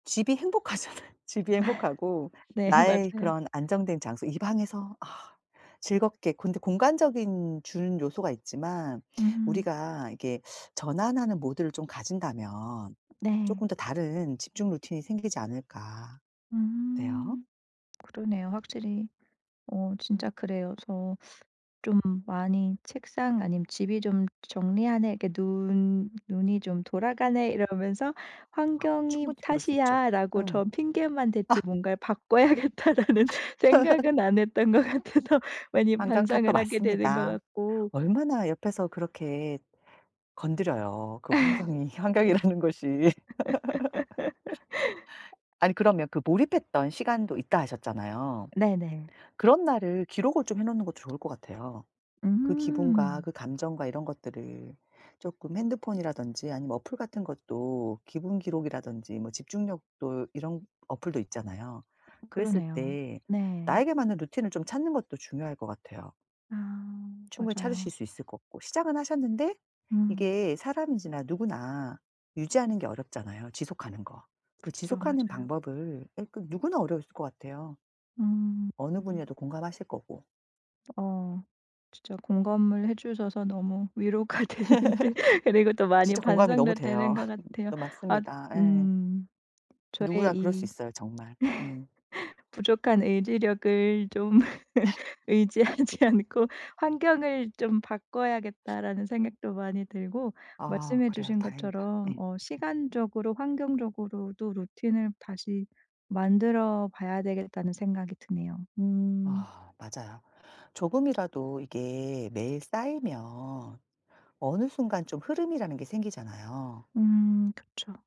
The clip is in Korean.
집이 행복하잖아요. 집이 행복하고 네 나의 맞아요. 그런 안정된 장소 이 방에서 아 즐겁게 근데 공간적인 주는 요소가 있지만 음. 우리가 이렇게 전환하는 모드를 좀 가진다면 네. 쪼끔 더 다른 집중 루틴이 생기지 않을까? 어때요? 음. 그러네요 확실히. 어 진짜 음. 그래요. 그래서 좀 많이 책상 아니면 집이 좀 '정리하네. 이렇게 눈 눈이 좀 돌아가네.' 이러면서 아 '환경이 충분히 그럴 수 있죠. 탓이야.'라고 음 저 핑계만 댔지 아. 뭔가를 '바꿔야겠다.'라는 생각은 안 했던 것 같아서 많이 환경 탓도 반성을 하게 되는 것 맞습니다. 같고 얼마나 옆에서 그렇게 건드려요 그 환경이 환경이라는 것이. 아니 그러면 그 몰입했던 시간도 있다 하셨잖아요. 네네. 그런 날을 기록을 좀 해 놓는 것도 좋을 것 같아요. 그 기분과 음. 그 감정과 이런 것들을 쪼끔 핸드폰이라든지 아니면 어플 같은 것도 기분 기록이라든지 뭐 집중력도 이런 어플도 있잖아요. 그랬을 그러네요. 때 네. 나에게 맞는 루틴을 좀 찾는 것도 중요할 것 같아요. 아 충분히 찾으실 맞아요. 수 있을 것 같고 시작은 하셨는데 음. 이게 사람인지라 누구나 유지하는 게 어렵잖아요 지속하는 거. 그 그쵸. 지속하는 맞아요. 방법을 예 그 누구나 어려우실 것 같아요. 음 어느 음. 분이라도 공감하실 거고. 어 진짜 공감을 해 주셔서 너무 위로가 되는데 그리고 또 많이 진짜 공감이 너무 반성도 되는 돼요. 것 같아요. 너 아 맞습니다. 예. 음 저의 누구나 그럴 수 이 있어요 정말. 음. 부족한 의지력을 좀 의지하지 않고 '환경을 좀 바꿔야겠다.'라는 생각도 많이 들고 아 말씀해 그래요. 주신 다행이다. 것처럼 예. 어 시간적으로 환경적으로도 루틴을 다시 만들어 봐야 되겠다는 생각이 드네요. 음. 아 맞아요. 조금이라도 이게 매일 쌓이면 어느 순간 좀 흐름이라는 게 생기잖아요. 음 그쵸.